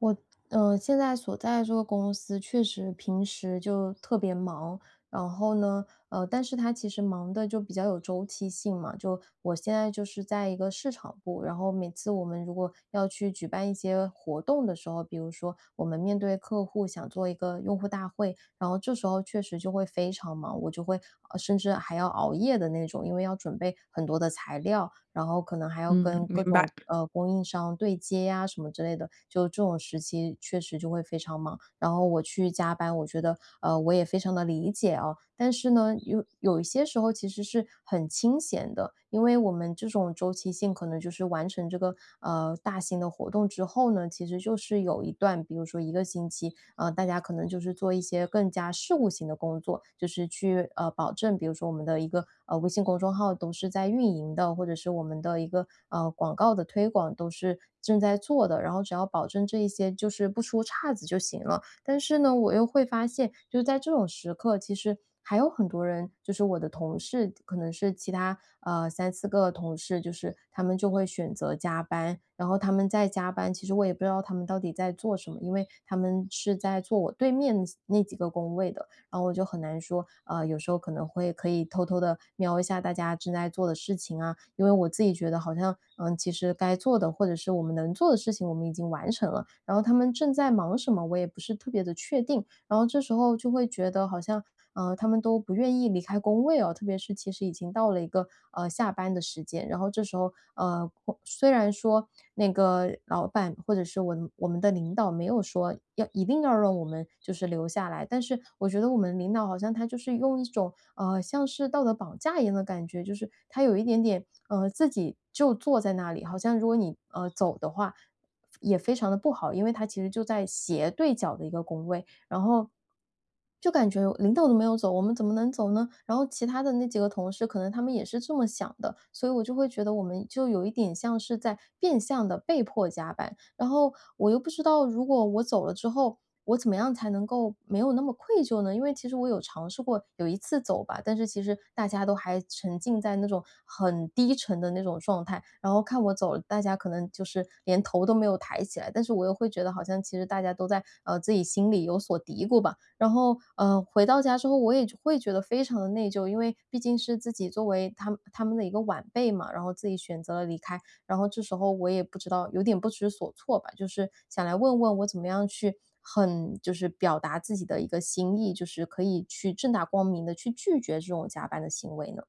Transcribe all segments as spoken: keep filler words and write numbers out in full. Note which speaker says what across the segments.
Speaker 1: 我，嗯，现在所在的这个公司，确实平时就特别忙。然后呢，呃，但是它其实忙的就比较有周期性嘛。就我现在就是在一个市场部，然后每次我们如果要去举办一些活动的时候比如说我们面对客户，想做一个用户大会，然后这时候确实就会非常忙。我就会呃，甚至还要熬夜的那种，因为要准备很多的材料，然后可能还要
Speaker 2: 嗯，
Speaker 1: 跟各
Speaker 2: 明
Speaker 1: 种，
Speaker 2: 白。
Speaker 1: 呃，供应商对接啊，什么之类的。就这种时期确实就会非常忙。然后我去加班我觉得，呃，我也非常地理解啊。但是呢，有有一些时候其实是很清闲的，因为我们这种周期性可能就是完成这个，呃，大型的活动之后呢，其实就是有一段比如说一个星期，呃，大家可能就是做一些更加事务性的工作。就是去，呃，保证比如说我们的一个，呃，微信公众号都是在运营的，或者是我们的一个，嗯，广告的推广都是正在做的。然后只要保证这一些就是不出岔子就行了。但是呢，我又会发现，就是在这种时刻，其实还有很多人就是我的同事，可能是其他，呃，三四个同事，就是他们就会选择加班。然后他们在加班，其实我也不知道他们到底在做什么。因为他们是在坐我对面那几个工位的，然后我就很难说，呃，有时候可能会，可以偷偷地瞄一下大家正在做的事情啊。因为我自己觉得好像，呃，其实该做的，或者是我们能做的事情，我们已经完成了。然后他们正在忙什么，我也不是特别地确定。然后这时候就会觉得好像，呃，他们都不愿意离开工位哦，特别是其实已经到了一个，呃，下班的时间。然后这时候呃，虽然说那个老板或者是我我们的领导，没有说要一定要让我们就是留下来，但是我觉得我们领导好像他就是用一种，呃，像是道德绑架一样的感觉。就是他有一点点呃，自己就坐在那里，好像如果你，呃，走的话，也非常地不好。因为他其实就在斜对角的一个工位。然后就感觉：“领导都没有走，我们怎么能走呢？”然后其他的那几个同事，可能他们也是这么想的。所以我就会觉得，我们就有一点像是在变相地被迫加班。然后我又不知道，如果我走了之后，我怎么样才能够没有那么愧疚呢？因为其实我有尝试过有一次走吧，但是其实大家都还沉浸在那种很低沉的那种状态。然后看我走，大家可能就是连头没有抬起来。但是我又会觉得好像其实大家都在，呃，自己心里有所嘀咕吧，然后，呃，回到家之后，我也觉会觉得非常地内疚。因为毕竟是自己作为他他们的一个晚辈嘛，然后自己选择了离开。然后这时候我也不知道有点不知所措吧。就是想来问问，我怎么样去很就是表达自己的一个心意，就是可以去正大光明地，去拒绝这种加班的行为呢？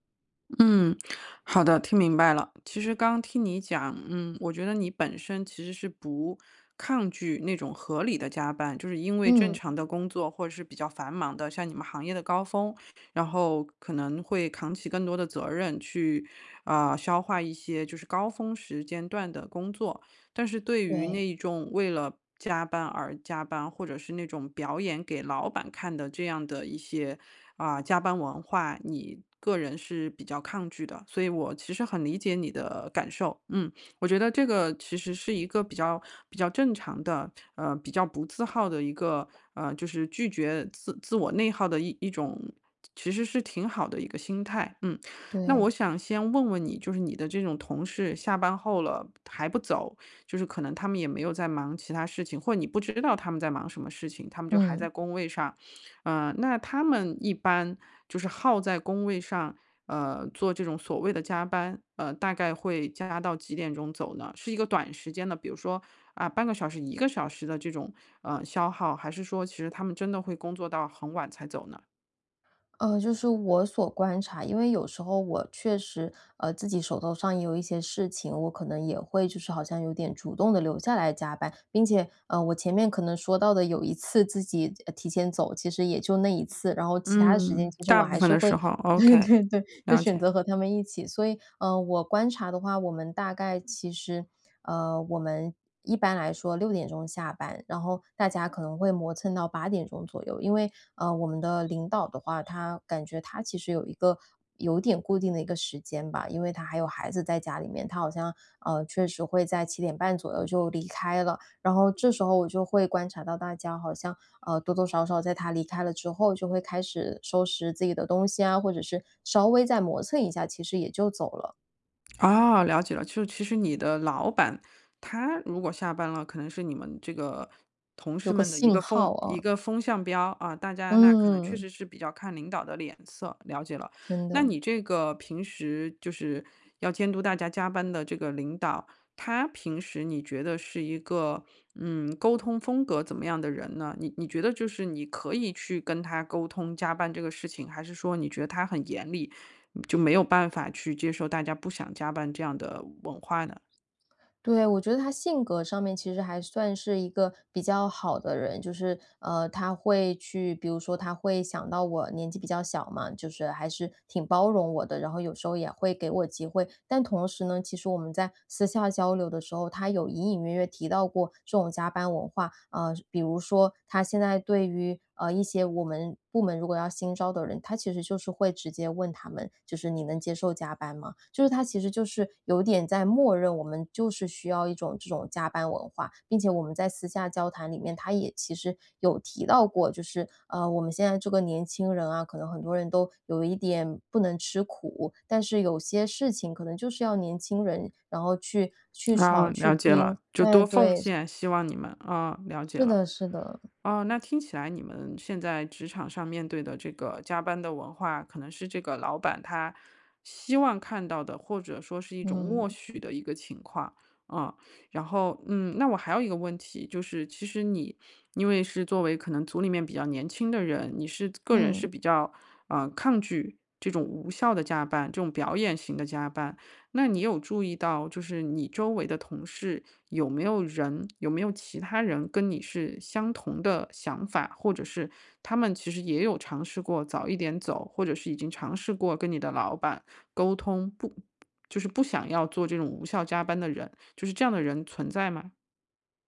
Speaker 2: 嗯，好的，听明白了。其实刚听你讲嗯，我觉得你本身其实是不抗拒，那种合理的加班就是因为正常
Speaker 1: 嗯。
Speaker 2: 的工作，或者是比较繁忙的，像你们行业的高峰，然后可能会扛起更多的责任，去，呃，消化一些，就是高峰时间段的工作。但是对于
Speaker 1: 对。
Speaker 2: 那种为了加班而加班，或者是那种表演给老板看的这样的一些，啊，加班文化，你个人是比较抗拒的。所以我其实很理解你的感受，嗯。我觉得这个其实是一个比较比较正常的，呃，比较不自耗的一个呃，就是拒绝自自我内耗的一种其实是挺好的一个心态，嗯。那我
Speaker 1: 对。
Speaker 2: 想先问问你，就是你的这种同事下班后了还不走，就是可能他们也没有在忙其他事情或者你不知道他们在忙什么事情，他们就还
Speaker 1: 嗯。
Speaker 2: 在工位上。呃，那他们一般就是耗在工位上，呃，做这种所谓的加班，呃，大概会加到几点钟走呢？是一个短时间的比如说，啊，半个小时、一个小时的，这种，呃，消耗，还是说其实他们真的会工作到很晚才走呢？
Speaker 1: 呃，就是我所观察因为有时候我确实，呃，自己手头上也有一些事情，我可能也会就是好像有点主动地留下来加班。并且，呃，我前面可能说到的有一次自己，呃，提前走，其实也就那一次，然后其它的时间
Speaker 2: 嗯。
Speaker 1: 其实我
Speaker 2: 大部
Speaker 1: 还
Speaker 2: 分
Speaker 1: 是
Speaker 2: 的
Speaker 1: 会
Speaker 2: 时候
Speaker 1: 对
Speaker 2: ，OK，
Speaker 1: 对对，就
Speaker 2: 了
Speaker 1: 选
Speaker 2: 解。
Speaker 1: 择和他们一起。所以，呃，我观察的话，我们大概其实，呃，我们一般来说六点钟下班，然后大家可能会磨蹭到八点钟左右。因为，呃，我们的领导的话，他感觉他其实有一个有点固定的一个时间吧，因为他还有孩子在家里面，他好像，呃，确实会在七点半左右就离开了，然后这时候我就会观察到大家好像，呃，多多少少在他离开了之后，就会开始收拾自己的东西啊，或者是稍微再磨蹭一下，其实也就走了。
Speaker 2: 哦，了解了。就其实你的老板，他如果下班了，可能是你们这个同
Speaker 1: 有
Speaker 2: 事
Speaker 1: 个
Speaker 2: 们的一
Speaker 1: 信
Speaker 2: 个
Speaker 1: 号，
Speaker 2: 风一
Speaker 1: 嗯。
Speaker 2: 个风向标。啊，大家那可能确
Speaker 1: 嗯。
Speaker 2: 实是比较看领导的脸色，了解了。
Speaker 1: 真
Speaker 2: 那
Speaker 1: 的。
Speaker 2: 你这个平时就是要监督大家加班的这个领导，他平时你觉得是一个，嗯，沟通风格怎么样的人呢？你你觉得就是你可以去跟他沟通加班这个事情？还是说你觉得他很严厉，就没有办法去接受大家不想加班这样的文化呢？
Speaker 1: 对，我觉得他性格上面其实还算是一个比较好的人。就是，呃，他会去比如说他会想到我年纪比较小嘛，就是还是挺包容我的，然后有时候也会给我机会。但同时呢，其实我们在私下交流的时候，他有隐隐约约提到过，这种加班文化，呃，就比如说他现在对于，呃，一些我们部门如果要新招的人，他其实就是会直接问他们，就是：“你能接受加班吗？“就是他其实就是有点在默认我们就是需要一种这种加班文化。并且我们在私下交谈里面，他也其实有提到过，就是，啊，我们现在这个年轻人啊，可能很多人都有一点不能吃苦，但是有些事情可能就是要年轻人，然后去去
Speaker 2: 啊，
Speaker 1: 闯、
Speaker 2: 了
Speaker 1: 去
Speaker 2: 解
Speaker 1: 拼
Speaker 2: 了，就
Speaker 1: 哎，
Speaker 2: 多奉
Speaker 1: 对。
Speaker 2: 献，希望你们。啊，了解
Speaker 1: 是
Speaker 2: 了。
Speaker 1: 的是的。
Speaker 2: 哦，那听起来你们现在职场上面对的这个加班的文化，可能是这个老板他希望看到的，或者说是一种默
Speaker 1: 嗯。
Speaker 2: 许的一个情况。嗯，然后，嗯，那我还有一个问题就是其实你因为是作为可能组里面比较年轻的人，你是个人
Speaker 1: 嗯。
Speaker 2: 是比较，呃，抗拒这种无效地加班、这种表演型地加班。那你有注意到，就是你周围的同事有没有人有没有其他人跟你是相同的想法？或者是他们其实也有尝试过早一点走，或者是已经尝试过跟你的老板沟通，不就是不想要做这种无效加班的人，就是这样的人存在吗？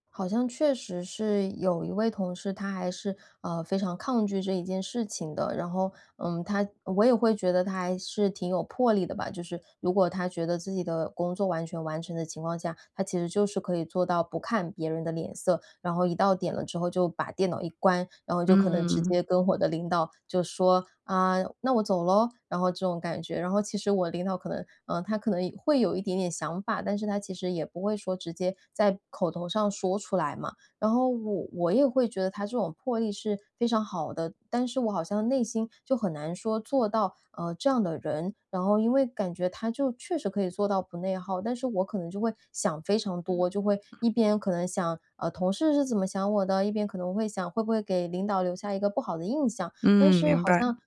Speaker 1: 好像确实是有一位同事，他还是，呃，非常抗拒这一件事情的。然后，嗯，他我也会觉得他还是挺有魄力的吧，就是如果他觉得自己的工作完全完成的情况下，他其实就是可以做到不看别人的脸色，然后一到点了之后就把电脑一关，然后就可能直
Speaker 2: 嗯。
Speaker 1: 接跟我的领导就说：“啊，那我走咯！”然后这种感觉。然后其实我领导可能呃，他可能会有一点点想法，但是他其实也不会说直接在口头上说出来嘛。然后我我也会觉得他这种魄力是非常好的，但是我好像内心就很难做到，呃，这样的人。然后因为感觉他就确实可以做到不内耗，但是我可能就会想非常
Speaker 2: 嗯。
Speaker 1: 多，就会 一边可能想，呃，同事是怎么想我的？一边可能会想，会不会给领导留下一个不好的印象。但
Speaker 2: 嗯，
Speaker 1: 是
Speaker 2: 明
Speaker 1: 好像
Speaker 2: 白。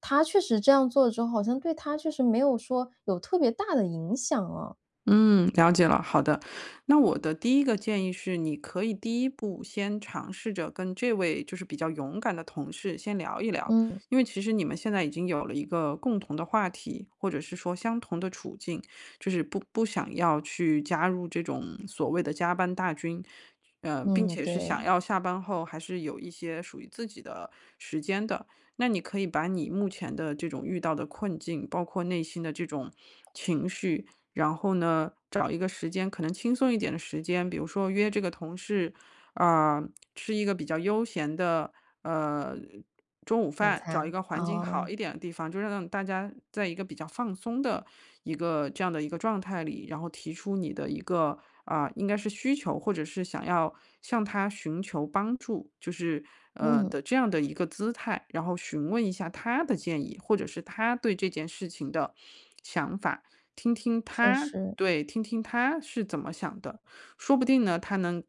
Speaker 1: 他确实这样做了之后，好像对他确实没有说有特别大的影响啊。
Speaker 2: 嗯，了解了，好的。那我的第一个建议是，你可以第一步先尝试着跟这位就是比较勇敢的同事先聊一聊。
Speaker 1: 嗯。
Speaker 2: 因为其实你们现在已经有了一个共同的话题，或者是说相同的处境，就是不不想要去加入这种所谓的加班大军，呃，并
Speaker 1: 嗯，
Speaker 2: 且是想
Speaker 1: 对。
Speaker 2: 要下班后还是有一些属于自己的时间的。那你可以把你目前的这种遇到的困境，包括内心的这种情绪，然后呢，找一个时间，可能轻松一点的时间，比如说约这个同事，呃，吃一个比较悠闲的，呃，中午
Speaker 1: 晚
Speaker 2: 饭。找一
Speaker 1: 餐，
Speaker 2: 个环境好
Speaker 1: 哦。
Speaker 2: 一点的地方，就让那种大家在一个比较放松的一个这样的一个状态里，然后提出你的一个，呃，应该是需求或者是想要向他寻求帮助，就是，呃，
Speaker 1: 嗯。
Speaker 2: 的这样的一个姿态。然后询问一下他的建议，或者是他对这件事情的想法，听听
Speaker 1: 确
Speaker 2: 他
Speaker 1: 实。
Speaker 2: 对，听听他是怎么想的。说不定呢，他能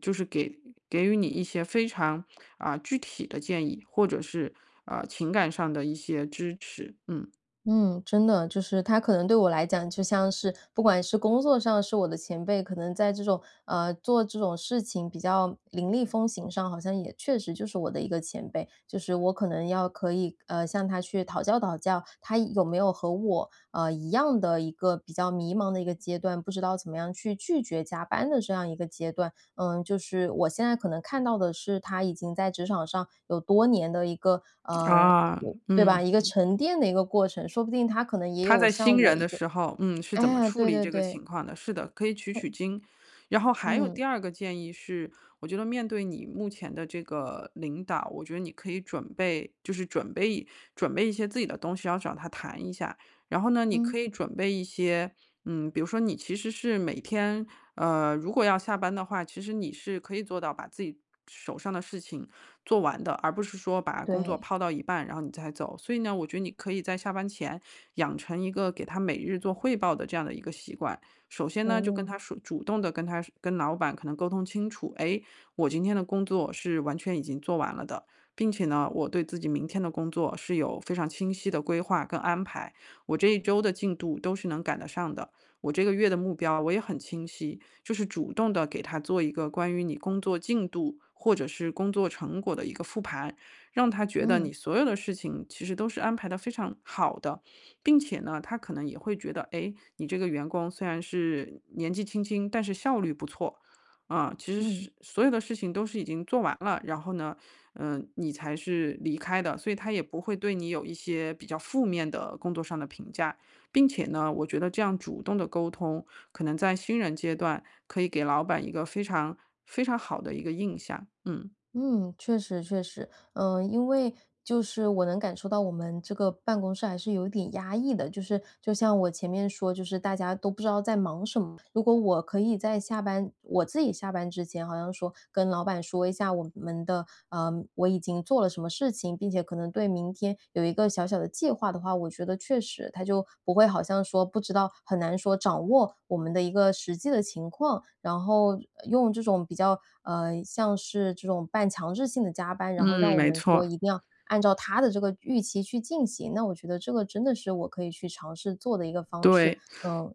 Speaker 2: 就是给给予你一些非常，呃，具体的建议，或者是，呃，情感上的一些支持。嗯。
Speaker 1: 嗯，真的，就是他可能对我来讲就像是不管是工作上是我的前辈，可能在这种呃，做这种事情比较凌厉风行上，好像也确实就是我的一个前辈。就是我可能要可以，呃，向他去讨教讨教，他有没有和我，呃，一样的一个比较迷茫的一个阶段，不知道怎么样去拒绝加班的这样一个阶段。呃，就是我现在可能看到的是他已经在职场上有多年的一个
Speaker 2: 啊，
Speaker 1: 呃，对吧？
Speaker 2: 嗯
Speaker 1: 一个
Speaker 2: 嗯。
Speaker 1: 沉淀的一个过程，说不定他可能也
Speaker 2: 他
Speaker 1: 有
Speaker 2: 在新
Speaker 1: 像我
Speaker 2: 人
Speaker 1: 一
Speaker 2: 的
Speaker 1: 个
Speaker 2: 时候，嗯，是怎么
Speaker 1: 哎，
Speaker 2: 处
Speaker 1: 对
Speaker 2: 理
Speaker 1: 对
Speaker 2: 这个
Speaker 1: 对。
Speaker 2: 情况的，是的，可以取取
Speaker 1: 哼。
Speaker 2: 经。然后还有
Speaker 1: 嗯。
Speaker 2: 第二个建议是，我觉得面对你目前的这个领导，我觉得你可以准备就是准备一准备一些自己的东西，然后找他谈一下。然后呢，你可
Speaker 1: 嗯。
Speaker 2: 以准备一些嗯，比如说你其实是每天，呃，如果要下班的话，其实你是可以做到把自己手上的事情做完的，而不是说把工作
Speaker 1: 对。
Speaker 2: 抛到一半，然后你再走。所以呢，我觉得你可以在下班前，养成一个给他每日做汇报的这样的一个习惯。首先呢，就跟
Speaker 1: 哦。
Speaker 2: 他说主动地跟他说跟老板可能沟通清楚：“哎，我今天的工作是完全已经做完了的。并且呢，我对自己明天的工作是有非常清晰的规划跟安排。我这一周的进度都是能赶得上的，我这个月的目标我也很清晰。”就是主动地给他做一个关于你工作进度、或者是工作成果的一个复盘，让他觉得你
Speaker 1: 嗯。
Speaker 2: 所有的事情其实都是安排得非常好的。并且呢，他可能也会觉得，哎，你这个员工虽然是年纪轻轻，但是效率不错，啊，其实
Speaker 1: 嗯。
Speaker 2: 是所有的事情都是已经做完了，然后呢，呃，你才是离开的，所以他也不会对你有一些比较负面的工作上的评价。并且呢，我觉得这样主动的沟通，可能在新人阶段可以给老板一个非常非常好的一个印象。嗯。
Speaker 1: 嗯，确实确实。嗯，因为就是我能感受到我们这个办公室还是有点压抑的，就是就像我前面说，就是大家都不知道在忙什么。如果我可以在下班我自己下班之前好像说跟老板说一下我们的呃，我已经做了什么事情，并且可能对明天有一个小小的计划的话，我觉得确实他就不会好像说不知道很难说掌握我们的一个实际的情况，然后，呃，用这种比较，呃，像是这种半强制性的加班，然后让
Speaker 2: 嗯，
Speaker 1: 我
Speaker 2: 没
Speaker 1: 们说
Speaker 2: 错。
Speaker 1: 一定要按照他的这个预期去进行。那我觉得这个真的是我可以去尝试做的一个方式。
Speaker 2: 对。
Speaker 1: 嗯。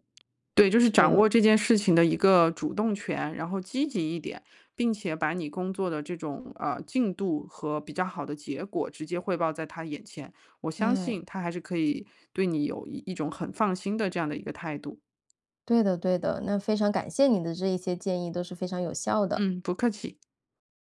Speaker 2: 对，就是
Speaker 1: 这
Speaker 2: 掌
Speaker 1: 对。
Speaker 2: 握这件事情的一个主动权，然后积极一点，并且把你工作的这种，呃，进度和比较好的结果直接汇报在他眼前，我相
Speaker 1: 唉。
Speaker 2: 信他还是可以对你有一一种很放心的这样的一个态度。
Speaker 1: 对的对的。那非常感谢你的这一些建议，都是非常有效的。
Speaker 2: 嗯，不客气。